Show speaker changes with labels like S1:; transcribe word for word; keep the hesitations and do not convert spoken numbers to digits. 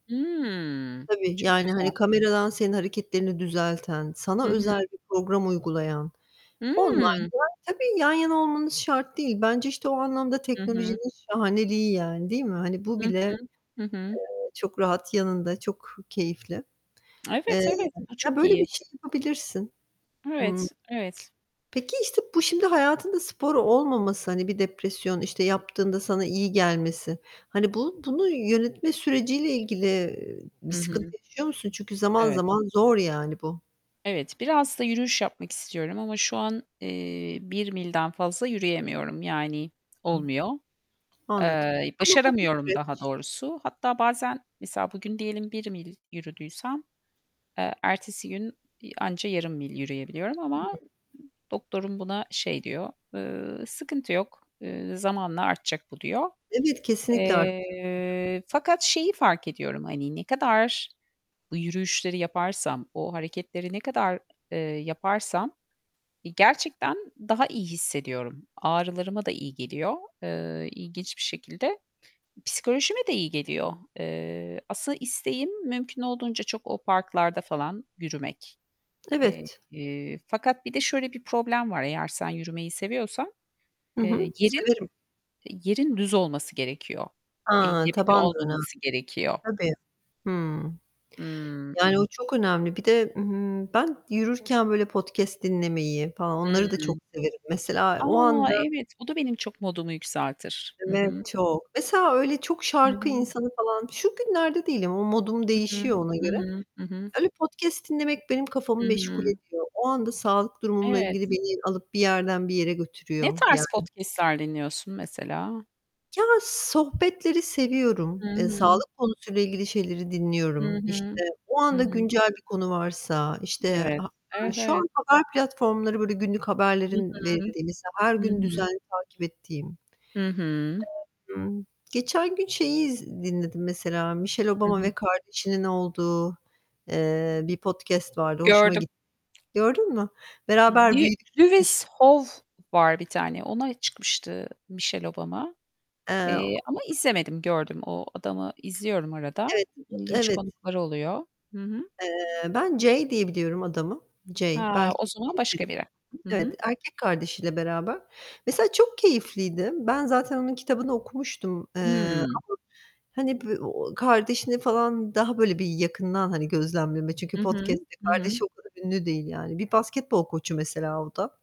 S1: Hıı.
S2: Tabii,
S1: Çok
S2: yani,
S1: güzel.
S2: hani, kameradan senin hareketlerini düzelten, sana
S1: Hı
S2: özel
S1: hı.
S2: bir program uygulayan,
S1: Hıı.
S2: online'da Tabii, yan yana olmanız şart değil. Bence, işte, o anlamda
S1: Hı hı.
S2: teknolojinin şahaneliği yani, değil mi? Hani, bu
S1: Hı
S2: bile,
S1: hı. Hı hı.
S2: eee, çok rahat yanında çok keyifli.
S1: Evet,
S2: Eee,
S1: evet. Bu
S2: ya,
S1: çok
S2: böyle bir
S1: iyi.
S2: şey yapabilirsin. Hıı.
S1: Evet, evet.
S2: Peki, işte, bu şimdi hayatında spor olmaması, hani, bir depresyon, işte, yaptığında sana iyi gelmesi, hani, bu bunu yönetme süreciyle ilgili, iii,
S1: I
S2: bir sıkıntı
S1: hı.
S2: yaşıyor musun? Çünkü zaman
S1: Evet.
S2: zaman zor, yani, bu.
S1: Evet. Biraz da yürüyüş yapmak istiyorum ama şu an, eee, bir milden fazla yürüyemiyorum, yani
S2: Ih.
S1: olmuyor.
S2: Anladım.
S1: Eee,
S2: Ama bu bir
S1: başaramıyorum daha
S2: süreç.
S1: doğrusu. Hatta bazen mesela, bugün diyelim bir mil yürüdüysem, eee, ertesi gün, iii, anca yarım mil yürüyebiliyorum ama
S2: Hıı.
S1: doktorum buna şey diyor, eee, "Sıkıntı yok, eee, zamanla artacak bu." diyor.
S2: Evet, kesinlikle artacaktır.
S1: Eee, fakat şeyi fark ediyorum, hani, ne kadar bu yürüyüşleri yaparsam, o hareketleri ne kadar, eee, yaparsam, iii, gerçekten daha iyi hissediyorum. Ağrılarıma da iyi geliyor, eee, ilginç bir şekilde. Psikolojime de iyi geliyor. Eee, aslında isteğim mümkün olduğunca çok o parklarda falan yürümek.
S2: Evet.
S1: Eee, fakat bir de şöyle bir problem var; eğer sen yürümeyi seviyorsan,
S2: Hı
S1: eee,
S2: hı.
S1: yerin
S2: Severim.
S1: yerin düz olması gerekiyor.
S2: A,
S1: Engebeli
S2: taban da önemli.
S1: olmaması gerekiyor.
S2: Tabii. Hıı.
S1: Hıı.
S2: Yani, o çok önemli. Bir de, ımm, ben yürürken, böyle, podcast dinlemeyi falan
S1: Hıı.
S2: onları da çok severim. Mesela o
S1: A,
S2: anda
S1: evet, bu da benim çok modumu yükseltir. Hı hı.
S2: Evet, çok. Mesela öyle çok
S1: Hı
S2: şarkı
S1: hı.
S2: insanı falan şu günlerde değilim, o modum
S1: Hı hı.
S2: değişiyor ona
S1: Hı
S2: göre.
S1: hı. Hı hı.
S2: Öyle podcast dinlemek benim kafamı
S1: Hı
S2: meşgul
S1: hı.
S2: ediyor. O anda sağlık durumumla ilgili
S1: Evet.
S2: beni alıp bir yerden bir yere
S1: Ne
S2: götürüyor yani.
S1: tarz podcast'ler dinliyorsun mesela?
S2: Ya, sohbetleri
S1: Hı
S2: seviyorum. Eee,
S1: hı.
S2: sağlık konusuyla ilgili şeyleri
S1: Hı
S2: dinliyorum. İşte,
S1: hı.
S2: o
S1: Hı
S2: anda
S1: hı.
S2: güncel bir konu varsa, işte,
S1: Evet.
S2: ha aaa,
S1: Evet,
S2: şu
S1: evet.
S2: an haber platformları, böyle, günlük
S1: Hı
S2: haberlerin
S1: hı.
S2: verildiği mesela, her
S1: Hı
S2: gün
S1: hı.
S2: düzenli takip ettiğim.
S1: Hı hı.
S2: [unintelligible] Imm, geçen gün şeyi iz dinledim mesela, Michelle
S1: Hı
S2: Obama
S1: hı.
S2: ve kardeşinin olduğu, eee, bir podcast vardı, hoşuma
S1: Gördüm.
S2: gitti. Gördün mü? "Beraber
S1: Bir
S2: büyüdük." demiş
S1: Lewis Howes var bir tane. Ona çıkmıştı Michelle Obama.
S2: Eee,
S1: Eee,
S2: o
S1: ama izlemedim, gördüm. O adamı izliyorum arada.
S2: Evet.
S1: İ ilginç
S2: [unintelligible] Evet.
S1: konuklar oluyor. Hı hı.
S2: Eee, Ben Jay diye biliyorum adamı. Jay.
S1: Ha, o
S2: Belki
S1: zaman başka biri.
S2: [unintelligible]
S1: Hı
S2: Evet.
S1: hı.
S2: Erkek kardeşiyle beraber. Mesela çok keyifliydi. Ben zaten onun kitabını okumuştum, eee, ama,
S1: Hıı.
S2: hani, bi o kardeşini falan daha böyle bir yakından, hani, gözlemleme çünkü
S1: Hı hı.
S2: podcast'te
S1: Hı hı.
S2: kardeşi o kadar ünlü değil yani. Bir basketbol koçu, mesela, o da.